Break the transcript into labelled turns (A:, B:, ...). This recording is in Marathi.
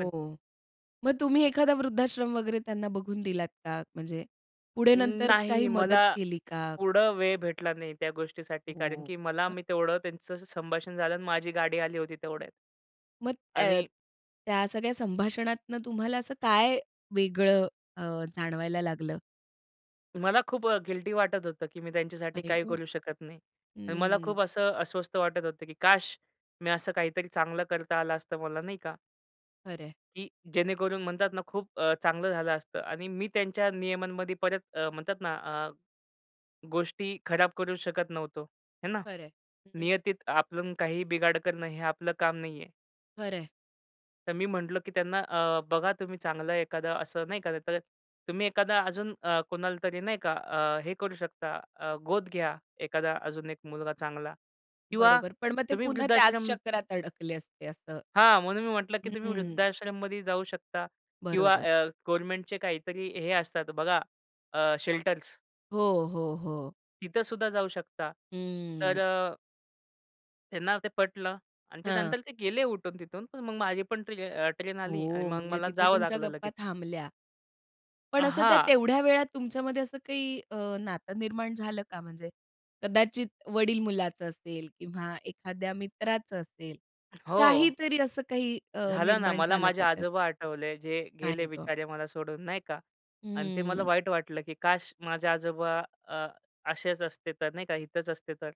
A: पण
B: मग तुम्ही एखादा वृद्धाश्रम वगैरे त्यांना बघून दिलात का? म्हणजे पुढे
A: अं,
B: नंतर काही
A: नाही
B: मदत
A: मला
B: केली का?
A: पुढं वेळ भेटला नाही त्या गोष्टीसाठी कारण
B: हो.
A: की मला मी तेवढं त्यांचं संभाषण झालं आणि माझी गाडी आली होती तेवढ्यात.
B: मग अ,
A: आणि
B: त्या सगळ्या संभाषणातून तुम्हाला असं काय वेगळं अ, जाणवायला लागलं?
A: मला खूप अ, गिल्टी वाटत होतं, की मी त्यांच्यासाठी
B: आई
A: काही
B: ग!
A: करू शकत नाही. आणि मला
B: हम्म.
A: खूप असं अस्वस्थ वाटत होतं, की काश! मी असं काहीतरी चांगलं करता आलं असतं मला नाही का?
B: खरं आहे.
A: की जेणेकरून म्हणतात ना खूप अ, चांगलं झालं असतं. आणि मी त्यांच्या नियमांमध्ये परत अ, म्हणतात ना अ, गोष्टी खराब करू शकत नव्हतो. आहे ना?
B: खरं आहे. हं.
A: नियतीत आपलं काहीही बिघाड करणं हे आपलं काम नाहीये.
B: खरं आहे.
A: तर मी म्हटलं की त्यांना अ, बघा तुम्ही चांगलं एखादं असं नाही का तर, तुम्ही एखादा अजून अ, कोणाला तरी. नाही का? अ, हे करू शकता अ, गोद घ्या एखादा अजून एक मुलगा चांगला किंवा
B: बरोबर. पण मग ते
A: तुम्ही
B: पुन्हा त्याच
A: वृद्धाश्रम
B: चक्रात अडकले असते. असं
A: हां, म्हणून मी म्हटलं, की तुम्ही
B: हं.
A: वृद्धाश्रममध्ये जाऊ शकता किंवा
B: बरोबर.
A: अ, गव्हर्नमेंटचे काहीतरी हे असतात बघा अ, शेल्टर्स
B: हो, हो, हो.
A: तिथंसुद्धा जाऊ शकता. तर
B: हं.
A: अ त्यांना ते पटलं आणि
B: हां
A: त्यानंतर ते गेले उठून तिथून, पण मग माझी पण ट्र ट्रेन आली आणि
B: हो,
A: मग
B: म्हणजे
A: मला
B: तिथे
A: जावं
B: तुमच्या
A: लागलं
B: गप्पा
A: लगेच.
B: थांबल्या. पण असं त्या
A: हां.
B: तेवढ्या वेळात तुमच्यामध्ये असं काही अ, नातं निर्माण झालं का? म्हणजे कदाचित वडील-मुलाचं असेल किंवा एखाद्या मित्राचं असेल,
A: हो.
B: काहीतरी असं काही अ,
A: झालं ना,
B: निर्माण
A: मला
B: झालं
A: माझे
B: का त्यात?
A: आजोबा आठवले जे
B: काय
A: गेले
B: गं.
A: बिचारे मला सोडून नाही का आणि ते मला
B: हम्म.
A: वाईट वाटलं की काश! माझे आजोबा अ, असेच असते, तर नाही का इथंच असते तर?